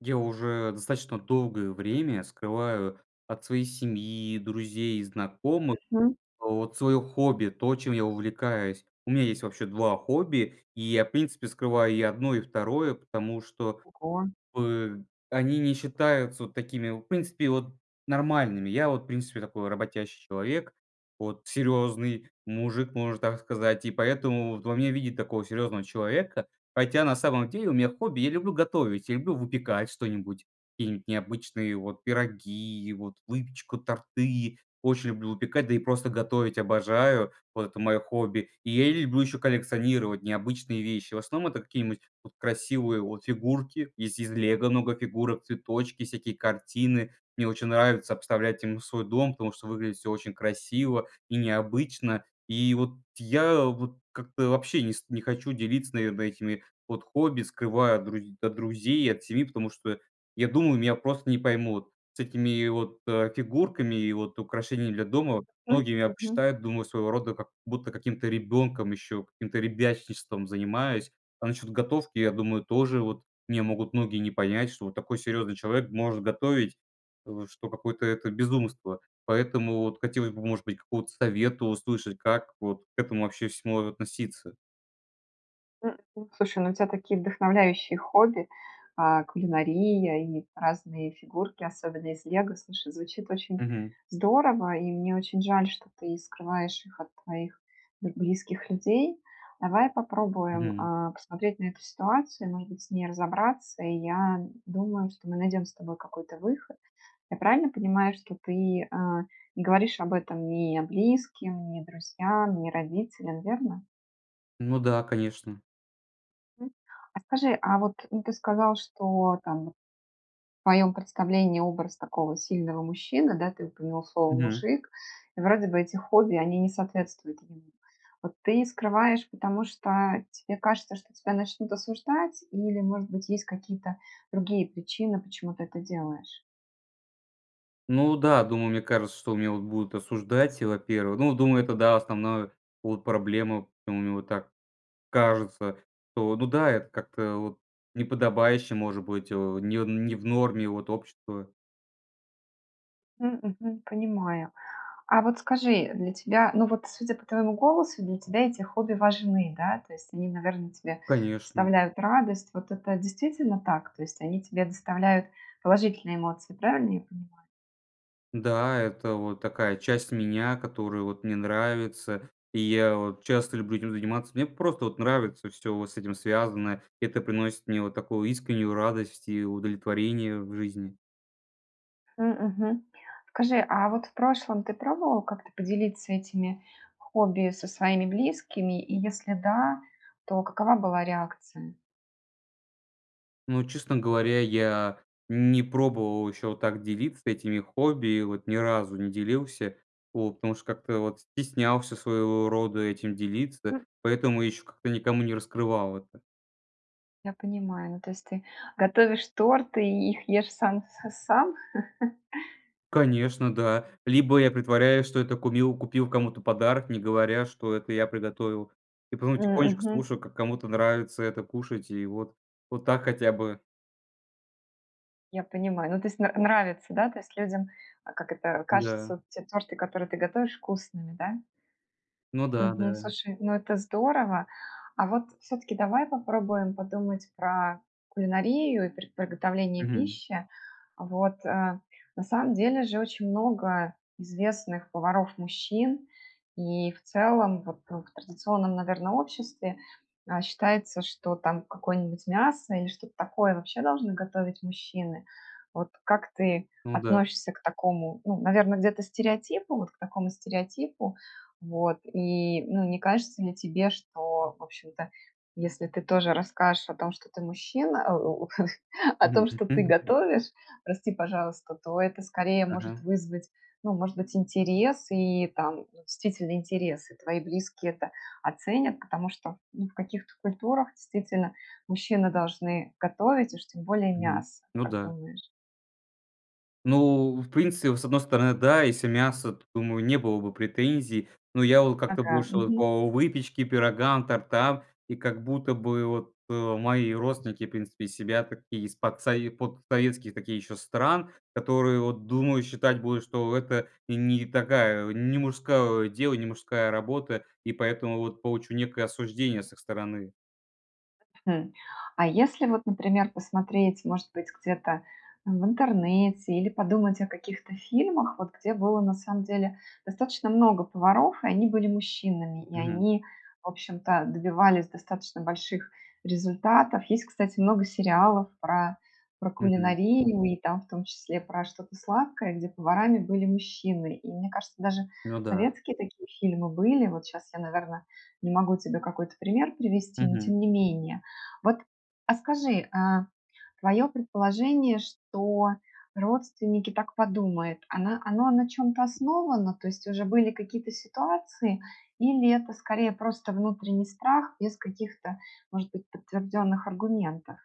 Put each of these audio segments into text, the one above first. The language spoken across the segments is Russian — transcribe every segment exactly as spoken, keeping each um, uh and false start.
Я уже достаточно долгое время скрываю от своей семьи, друзей и знакомых Мгм. вот свое хобби- то, чем я увлекаюсь. У мя есть, вообще, два хобби, и я, в принципе, скрываю и одно, и второе потому что Ого. бы они не считаются вот такими, в принципе, вот нормальными. Я вот, в принципе, такой работящий человек, вот, серьезный мужик, можно так сказать, и поэтому вот во мне видят такого серьезного человека. Хотя на самом деле у меня хобби- я люблю готовить, я люблю выпекать что-нибудь, какие-нибудь необычные вот пироги, вот выпечку, торты. Очень люблю выпекать, да и просто готовить обожаю, вот это мое хобби. И я люблю еще коллекционировать необычные вещи. В основном это какие-нибудь вот красивые вот фигурки, есть из "Лего" много фигурок, цветочки, всякие картины. Мне очень нравится обставлять ими свой дом, потому что выглядит всё очень красиво и необычно. И вот я вот как-то вообще не ст не хочу делиться, наверное, этими вот хобби, скрываю от друз от друзей и от семьи, потому что я думаю, меня просто не поймут с этими вот, э, фигурками и вот украшениями для дома. Мгм, Многие меня мгм. посчитают, думаю, своего рода как будто каким-то ребенком еще, каким-то ребячничеством занимаюсь. А насчет готовки, я думаю, тоже вот меня могут многие не понять, что вот такой серьезный человек может готовить, э, что какое-то это безумство. Поэтому вот хотелось бы, может быть, какого-то совета услышать, как вот к этому, вообще, всему относиться. М. Слушай, ну, у тя такие вдохновляющие хобби, а, кулинария и разные фигурки, особенно из "Лего", слушай, звучит очень Мгм. здорово, и мне очень жаль, что ты скрываешь их от твоих б близких людей. Давай попробуем, Мгм. э, посмотреть на эту ситуацию, может быть, с ней разобраться. И я думаю, что мы найдем с тобой какой-то выход. Я правильно понимаю, что ты, э, не говоришь об этом ни близким, ни друзьям, ни родителям, верно? Ну да, конечно. А скажи, а вот, ну, ты сказал, что там вот в твоем представлении образ такого сильного мужчины, да, ты упомянул слово Мгм. "мужик", вроде бы эти хобби, они не соответствуют ему. Вот ты скрываешь, потому что тебе кажется, что тебя начнут осуждать, или, может быть, есть какие-то другие причины, почему ты это делаешь? Ну да, думаю, мне кажется, что меня, вот, будут осуждать, и во-первых. Ну, думаю, это да, основная, вот, проблема. Мне вот так, кажется, что, ну да, это как-то, вот, неподобающе может быть, не в не в норме вот общество М, мгм, понимаю, а вот скажи, для тебя, ну вот, судя по твоему голосу, для тебя эти хобби важны, да, то есть они, наверное, тебе Конечно. ставляют радость. Вот это действительно так, то есть они тебе доставляют положительные эмоции, правильно я понимаю? Да, это вот такая часть меня, которую вот мне нравится, и я вот часто люблю этим заниматься, мне просто вот нравится всё вот с этим связаное. Это приносит мне вот такую искреннюю радость и удовлетворение в жизни. Хм, мгм, скажи, а вот в прошлом ты пробовал как-то поделиться этими хобби со своими близкими, и если да, то какова была реакция? Ну, честно говоря, я не пробовал еще вот так делиться этими хобби, и вот ни разу не делился, вот, потому что как-то вот стеснялся своего рода этим делиться, М поэтому еще как-то никому не раскрывал это. Я понимаю, ну то есть ты готовишь торты, и их ешь сам с' cам? Конечно, да, либо я притворяюсь, что это кумил, купил кому-то подарок, не говоря что это я приготовил, и потом М, тихонечко мгм. слушаю, как кому-то нравится это кушать, и вот вот так хотя бы. Я понимаю, ну, то есть, нра нравится, да, то есть, людям, как это, Да. кажется те торты, которые ты готовишь, вкусными, да? Ну да, Мгм, да. слушай, ну, это здорово. А вот всё-таки давай попробуем подумать про кулинарию, и пр приготовление Мгм. пищи. Вот, э, на самом деле же, очень много известных поваров- мужчин и, в целом, вот, в традиционном, наверно, обществе, а, считается, что там какое-нибудь мясо, или что-то такое вообще должны готовить мужчины. Вот, как ты Ну да. относишься к такому, ну, наверно, где-то стереотипу, вот к такому стереотипу, вот, и, ну, не кажется ли тебе, что в общем-то, если ты тоже расскажешь о о том, что ты мужчина, о о том, что ты [unintelligible] готовишь, прости, пожалуйста, то это скорее может Мгм. вызвать, ну, может быть интерес и там, действительно, интерес. И твои близкие это оценят, потому что, ну, в каких-то культурах действительно мужчины должны готовить и уж тем более Мгм, мясо, ну как да. думаешь? Ну, в принципе, с одной стороны, да, если мясо, то думаю, не было бы претензий. Но я вот как-то Ага, больше вот мгм. по выпечке, пирогам, тортам. И как будто бы вот, э, мои родственники, в принципе, из себя такие из подсове подсоветских таких ещё стран, которые, вот думаю, считать будут, что это не не такая не мужское дело, не мужская работа, и поэтому вот получу некое осуждение с их стороны. А если вот, например, посмотреть, может быть, где-то в интернете или подумать о каких-то фильмах, вот где было на самом деле достаточно много поваров и они были мужчинами, и Мгм. они в общем-то добивались достаточно больших результатов. Есть, кстати, много сериалов про про Мгм. кулинарию и там в том числе про что-то сладкое, где поварами были мужчины. И мне кажется, даже Ну да. советские такие фильмы были. Вот щас я, наверно, не могу тебе какой-то пример привести, но Мгм. тем не менее. Вот, а скажи, э, твоё предположение, что родственники так подумают, оно оно на чём-то основано, то есть уже были какие-то ситуации, или это скорее просто внутренний страх без каких-то, может быть, подтвержденных аргументов?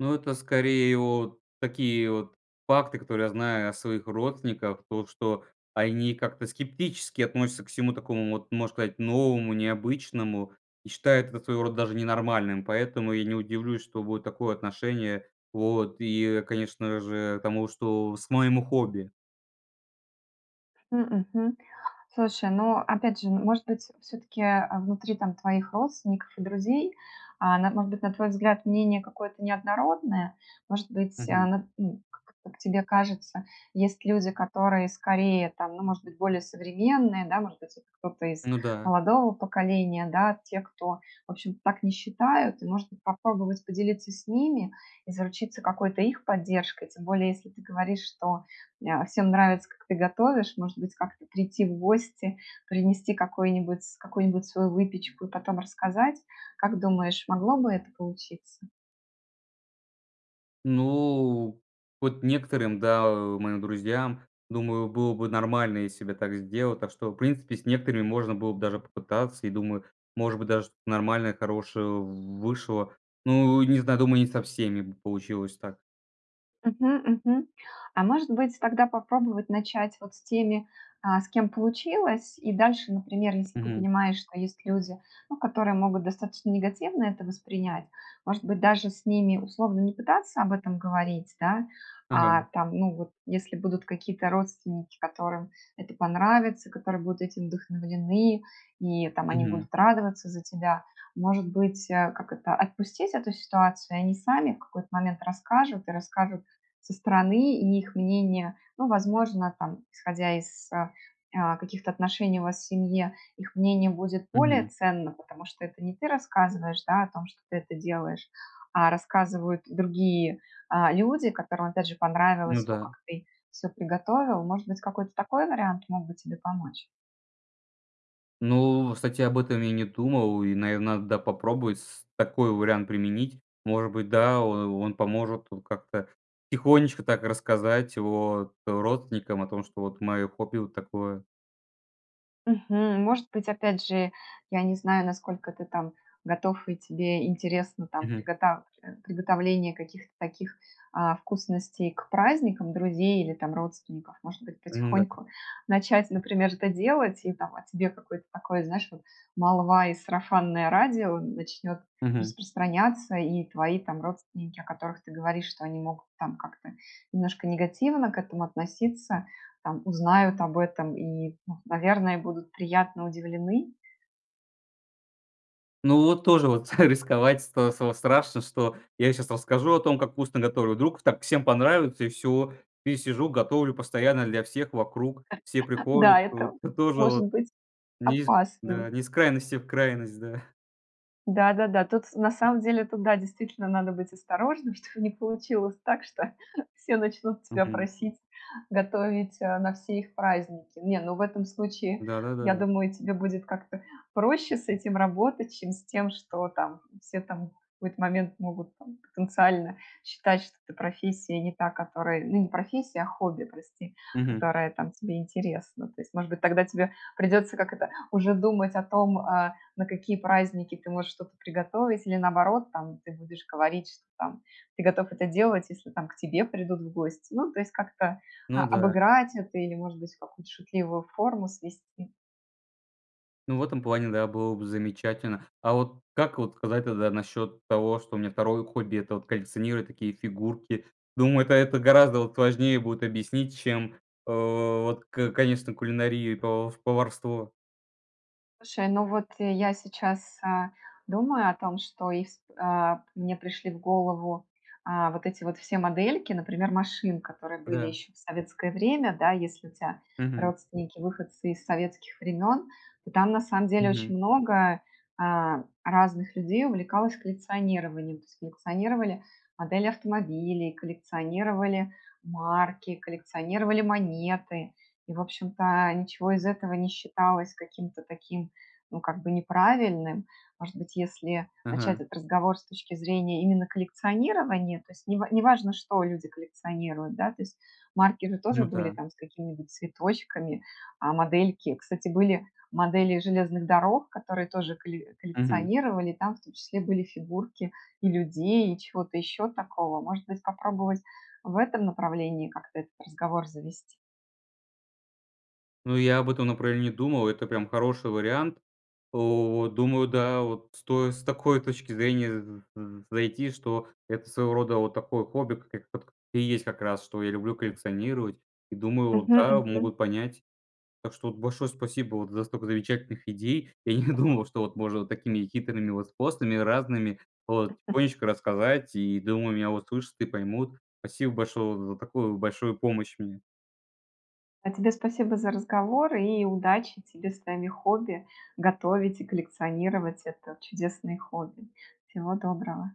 Ну, это скорее вот такие вот факты, которые я знаю о своих родственниках. То, что они как-то скептически относятся ко всему такому вот, можно сказать, новому, необычному. И считают это своего рода даже ненормальным, поэтому я не удивлюсь, что будет такое отношение. Вот. И, конечно же, тому, что с моему хобби. М, мгм. Слушай, ну, опять же, может быть, всё-таки, а, внутри там твоих родственников и друзей, а, на может быть, на твой взгляд, мнение какое-то неоднородное. Может быть, э, Мгм. ну, как как тебе кажется, есть люди, которые скорее там, ну, может быть, более современные, да, может быть, кто-то из Ну да. молодого поколения, да? Те, кто, в общем, так не считают, и, может быть, попробовать поделиться с ними, и заручиться какой-то их поддержкой? Тем более, если ты говоришь, что, э, всем нравится как ты готовишь, может быть, как-то прийти в гости, принести какой-нибудь какую-нибудь свою выпечку, и потом рассказать? Как думаешь, могло бы это получиться? Ну, вот некоторым- да, э, моим друзьям, думаю, было бы нормально, если б я так сделал. Так что, в принципе, с некоторыми можно было бы даже попытаться. И думаю, может быть, даже нормальное, хорошее в вышло. Ну, не зна думаю, не со всеми бы получилось так. Мгм, мгм. А, может быть, тогда попробовать начать вот с теми, а, с кем получилось? И дальше, например, если ты Мгм. понимаешь, что есть люди, ну, которые могут достаточно негативно это воспринять- может быть, даже с ними условно не пытаться об этом говорить, да. А Мгм. там, ну вот, если будут какие-то родственники, которым это понравится, которые будут этим вдохновлены. И там они Мгм. будут радоваться за тебя. Может быть, а, как это, отпустить эту ситуацию, и они сами в какой-то момент расскажут, и расскажут со стороны? И их мнение, ну, возможно там, исходя из, а, а, каких-то отношений у вас в семье, их мнение будет более Мгм. ценно? Потому что это не ты рассказываешь, да, о том, что ты это делаешь, а рассказывают другие, а, люди, которым, опять же, Ну понравилось то, как да. ты всё приготовил. Может быть какой-то такой вариант мог бы тебе помочь? Ну, кстати об этом я не думал, и, наверно, надо, да, попробовать, с такой вариант применить. Может быть, да, о он поможет вот как-то тихонечко так рассказать о родственникам о том, что вот моё хобби- вот такое. Мгм. Может быть, опять же, я не знаю насколько ты там готов и тебе интересно там Мгм. приготав приготовление каких-то таких, а, вкусностей к праздникам друзей или там родственников. Может быть, Ну да. потихоньку начать, например, это делать. И там, о тебе какое-то такое, знаешь вот, молва и сарафанное радио начнет Мгм. распространяться, и твои там родственники, о которых ты говоришь, что они могут там как-то немножко негативно к этому относиться, там, узнают об этом и, ну, наверное, будут приятно удивлены? Ну вот тоже вот, рисковать стал стало страшно, что я щас расскажу о том, как вкусно готовлю, вдруг так всем понравится, и всё. И сижу, готовлю постоянно для всех вокруг, все приходят. Да, это То тоже может вот, быть не из да, опасным. не из крайности в крайность, да. Да-да-да. Тут с на самом деле тут, да, действительно надо быть осторожным, чтобы не получилось так, что все начнут тебя Мгм. просить готовить, э, на все их праздники. Не, ну в этом случае, я Да-да-да. думаю, тебе будет как-то проще с этим работать, чем с тем, что, там, все, там, в какой-то момент могут, там, потенциально считать, что это профессия не та, которая ну не профессия, а хобби, прости,- Мгм. которая, там, тебе интересна. То есть, может быть, тогда тебя, придется, как это, уже думать о том, э, на какие праздники ты можешь что-то приготовить, или, наоборот, там, ты будешь говорить, что, там, ты готов это делать, если, там, к тебе придут в гости. Ну то есть как-то о Ну да. обыграть это, или, может быть, в какую-то шутливую форму свести. Ну, в этом плане, да, было бы замечательно. А вот как вот казать, тогда насчет того, что у меня второе хобби- это вот коллекционировать такие фигурки? Думаю, это это гораздо от важнее будет объяснить, чем, э, вот, ка конечно, кулинарию и пов поварство. Слушай, ну вот, э, я сейчас, э, думаю о том, что и c э, мне пришли в голову, э, вот эти вот все модельки, например, машин, которые были Да. еще в советское время, да, если у тя Мгм. родственники выходцы из советских времен. И там, на самом деле, Мгм. очень много, э, разных людей увлекалось коллекционированием. То есть коллекционировали модели автомобилей, коллекционировали марки, коллекционировали монеты, и, в общем-то, ничего из этого не считалось каким-то таким, ну, как бы, неправильным. Может быть, если начать Ага. этот разговор с точки зрения именно коллекционирования, то есть нева неважно что люди коллекционируют, да, то есть марки же тоже Ну были да. там с какими-нибудь цветочками, а модельки, кстати, были модели железных дорог, которые тоже коле Мгм. коллекционировали. Там в том числе были фигурки и людей, и чего-то еще такого. Может быть попробовать в этом направлении как-то этот разговор завести? Ну, я об этом направлении думал, это прям хороший вариант. У, думаю, да, вот стоит с такой точки зрения, м, з з зайти, что это своего рода вот такое хобби, как ит кт и есть как раз, что я люблю коллекционировать и думаю, Мгм да, мгм. могут понять. Так что, вот, большое спасибо, вот за столько замечательных идей, я не думал, что вот можно вот такими хитрыми вот способами, разными, вот тихонечко рассказать, и, думаю, меня услышат и поймут. Спасибо большое вот за такую большую помощь мне. А тебе спасибо за разговор, и удачи тебе с твоими хобби, готовить и коллекционировать- это чудесные хобби. Всего доброго.